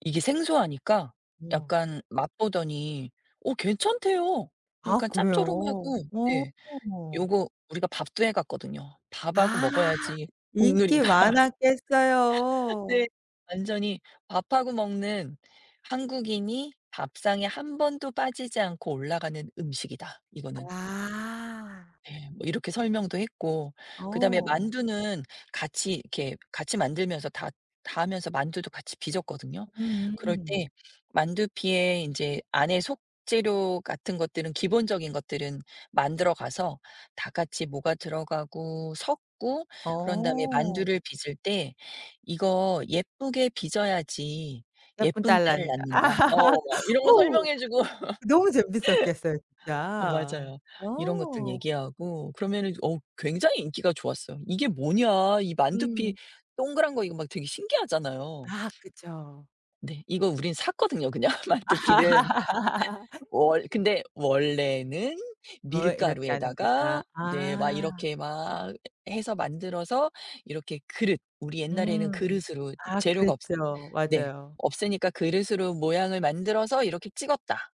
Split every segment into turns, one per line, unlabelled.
이게 생소하니까
우와.
약간 맛보더니 어 괜찮대요
아
약간
그래요?
짭조름하고. 네.
어.
요거 우리가 밥도 해 갔거든요. "밥하고
아.
먹어야지
인기
국룰이다."
많았겠어요.
네. "완전히 밥하고 먹는, 한국인이 밥상에 1 번도 빠지지 않고 올라가는 음식이다 이거는."
아.
네. 뭐 이렇게 설명도 했고 그다음에
어.
만두는 같이 이렇게 같이 만들면서 다 다 하면서 만두도 같이 빚었거든요. 그럴
음.
때 만두피에 인제 안에 속 재료 같은 것들은 기본적인 것들은 만들어 가서 다 같이 뭐가 들어가고 섞고 그런 다음에
어.
만두를 빚을 때 "이거 예쁘게 빚어야지
"예쁜
예쁜
딸
딸을
낳는다."
낳는다." 어 막 이런 거
어우.
설명해 주고.
너무 재밌었겠어요
아
진짜.
맞아요. 이런 것들
와.
얘기하고 그러면은 어 굉장히 인기가 좋았어요. "이게 뭐냐?" 이 만두피
음.
동그란 거 이거 막 되게 신기하잖아요.
아 그쵸.
네. 이거 우린 샀거든요 그냥 만두피는. 월 근데 "원래는
어 "이렇게 하는 거다."
밀가루에다가 이제 막
아.
이렇게 막 해서 만들어서 이렇게 그릇, 우리 옛날에는
음.
그릇으로
아
재료가 없"
그랬죠.
네.
맞아요.
"없으니까 그릇으로 모양을 만들어서 이렇게 찍었다.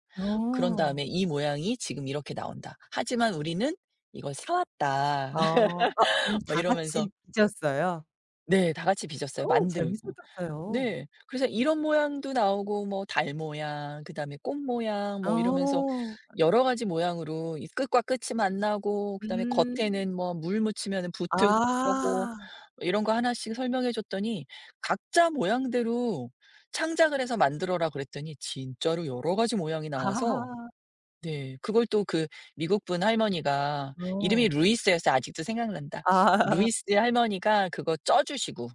그런 다음에
어.
이 모양이 지금 이렇게 나온다. 하지만 우리는 이걸 사 왔다."
어. 어 그럼
막
다 같이
이러면서.
빚었어요?
네. 다 같이 빚었어요
어우
만들고.
재밌었겠어요.
네. 그래서 이런 모양도 나오고 뭐 달 모양 그다음에 꽃 모양 뭐 이러면서
어.
여러 가지 모양으로 이 끝과 끝이 만나고 그다음에
음.
겉에는 뭐 물 묻히면은 붙을 거고
아.
이런 거 하나씩 설명해 줬더니 "각자 모양대로 창작을 해서 만들어라." 그랬더니 진짜로 여러 가지 모양이 나와서. 네. 그걸 또 그 미국분 할머니가 이름이
어.
루이스였어요. 아직도 생각난다.
아.
루이스의 할머니가 그거 쪄 주시고.